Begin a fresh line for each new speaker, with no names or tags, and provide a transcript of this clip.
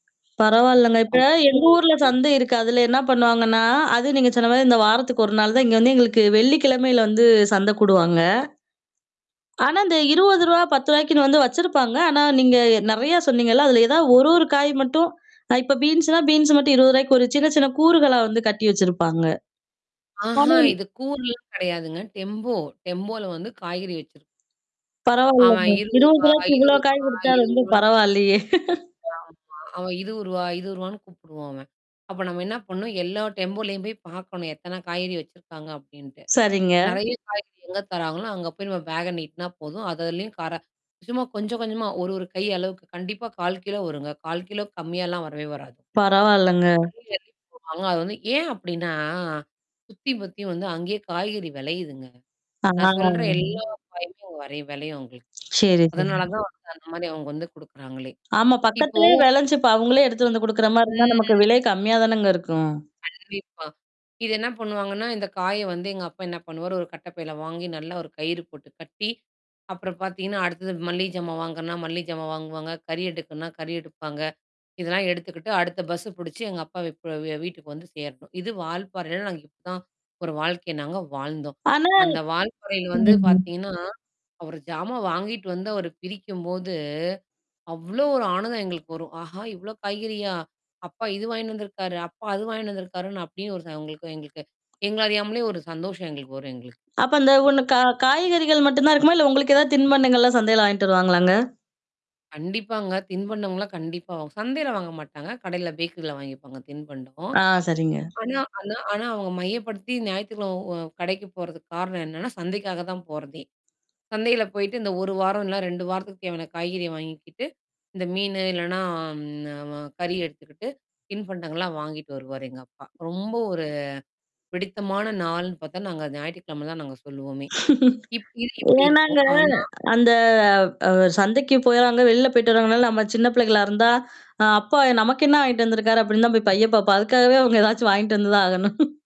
பரவால்லங்க. இப்ப எங்க ஊர்ல
அவ்ளோவா
சந்தை இருக்கு அதுல என்ன பண்ணுவாங்கன்னா, அது நீங்க சொன்ன மாரி இந்த வாரத்துக்கு 1 நாள் தான் இங்க வந்து எங்களுக்கு வெள்ளிக்கிழமையில வந்து சந்தை கூடுவாங்க. ஆனா, இந்த ரூ. 20 ரூ. 10க்கு வந்து வச்சிருப்பாங்க. ஆனா நீங்க நெறைய சொன்னீங்கல்ல, அதுல ஏதாவது ஒரு ஒரு காய் மட்டும் இப்ப பீன்ஸ்னா, பீன்ஸ் மட்டும் ரூ. 20க்கு சின்ன சின்ன கூறுகளா வந்து கட்டி வச்சிருப்பாங்க. ஆனா
ஆஹா! இது கூர்லாம் கிடையாதுங்க. டெம்போ, டெம்போல வந்து காய்கறி வச்சிருப்
பரவால்லங்க.
அவன்.
இருவது
இருருவா,
ரூவாய்க்கு இவ்ளோ காய்
இருருவா
குடுத்தா ரொம்ப
இருருவனு.
பரவாயலையே!
ஆமா. அவன் ரூ. 20, ரூ. 20ன்னு கூப்படுவான் அவன். அப்ப நம்ம என்ன பண்ணும்? எல்லா டெம்போலயும் போய் பாக்கணும். எத்தனை காய்கறி வச்சிருக்காங்க அப்படின்ட்டு.
சரிங்க.
நெறைய காய்கறி எங்க தராங்களோ அங்க போய் நம்ம பேக்க நீட்னா போதும். அததிலயும் கார சும்மா கொஞ்சம் கொஞ்சமா ஒரு ஒரு கை அளவுக்கு கண்டிப்பா 1/4 கிலோ வருங்க. 1/4 கிலோக்கு கம்மியாலாம் வரவே வராது.
பரவால்லங்க.
அள்ளி அள்ளி போடுவாங்க. ஆங்க, அது ஏன் அப்படின்னா. சுத்தி பத்தியும் வந்து அங்கேயே காய்கறி விளையுதுங்க
ஆ.
நான் சொல்ற எல்லா காய்கறியும் வளையும் வேளையும் அவுங்களுக்கு.
சரி, சரி.
அதனால தான் வந்து அந்த மாரி அவங்க வந்து குடுக்குறாங்களே.
ஆமா.
இப்போ
பக்கத்திலேயே வெளஞ்சிப அவங்களே எடுத்துட்டு வந்து குடுக்குற மாரி இருந்தா,
ம்
நமக்கு விலை கம்மியா தானேங்க இருக்கும்.
கண்டிப்பா. இது என்ன பண்ணுவாங்கன்னா, இந்த காய வந்து எங்க அப்பா என்ன பண்ணுவாரு ஒரு கட்டைப்பையில வாங்கி நல்லா ஒரு கயிறு போட்டு கட்டி, அப்புறம் பார்த்தீங்கன்னா, அடுத்தது மல்லிகை ஜாமா வாங்குனா, மல்லிகை ஜாமா வாங்குவாங்க, கறி எடுக்கனா, கறி எடுப்பாங்க. இதெல்லாம் எடுத்துக்கிட்டு அடுத்த பஸ்ஸ புடிச்சு எங்க அப்பாவ ப் வ வீட்டுக்கு வந்து சேரணும். இது வால்பறைல நாங்க இப்பதான். ஒரு வாழ்க்கைய நாங்க வாழ்ந்தோம்.
ஆனா
அந்த வால்பாறையில
ம்.
வந்து
ம்.
பார்த்தீங்கன்னா, அவரு ஜாமா வாங்கிட்டு வந்து அவரு பிரிக்கும்போது, அவ்ளோ ஒரு ஆனந்தம் எங்களுக்கு வரும். ஆஹா! இவ்ளோ காய்கறியா? அப்பா இது வாங்கி வந்திருக்காரு. அப்பா அது வாங்கி வந்திருக்காருன்னு அப்டியே ஒரு ச உங்களுக்கு எங்களுக்கு. எங்கள அறியாமலே ஒரு சந்தோஷம் எங்களுக்கு வரும் எங்களுக்கு.
அப்ப அந்த ஒண்ணு கா காய்கறிகள் மட்டும் தான் இருக்குமா? இல்ல உங்களுக்கு ஏதாவது தின்பண்டங்கள்லாம் சந்தையில வாங்கிட்டுருவாங்களாங்க?
கண்டிப்பாங்க. தின்பண்டம்லாம் கண்டிப்பா வாங் சந்தையில வாங்க மாட்டாங்க. கடையில பேக்கரில வாங்கிப்பாங்க. தின்பண்டம்.
ஆ. சரிங்க.
ஆனா ஆனா ஆனா அவங்க மையப்படுத்தி ஞாயித்துகிழமை உ கடைக்கு போறதுக்கு காரணம் என்னன்னா? சந்தைக்காக தான் போறதே. சந்தையில போயிட்டு இந்த 1 வாரம் இல்ல 2 வாரத்துக்கு தேவையான காய்கறிய வாங்கிக்கிட்டு. இந்த மீனு இல்லன்னா அம் அ கறி எடுத்துக்கிட்டு தின்பண்டங்கள்லாம் வாங்கிட்டு வருவாரு எங்க அப்பா. ரொம்ப ஒரு பிடித்தமான நாள்ன்னு பார்த்தா நாங்க ஞாயிற்றுக்கிழமை தான் நாங்க சொல்லுவோமே. இப் இது இப்டி
ஏனாங்க,
இருக்கும். ஆனா
அந்த அ சந்தைக்கு போறாங்க, வெளில போய்ட்டு வர்றவங்கனால நம்ம சின்ன பிள்ளைகளா இருந்தா, அ அப்பா நமக்கு என்ன வாங்கிட்டு வந்தருக்காரு அப்படினு தான் போய் பையப் பாப்போம். அதுக்காகவே அவங்க ஏதாச்சும் வாங்கிட்டு வந்து தான் ஆகணும்.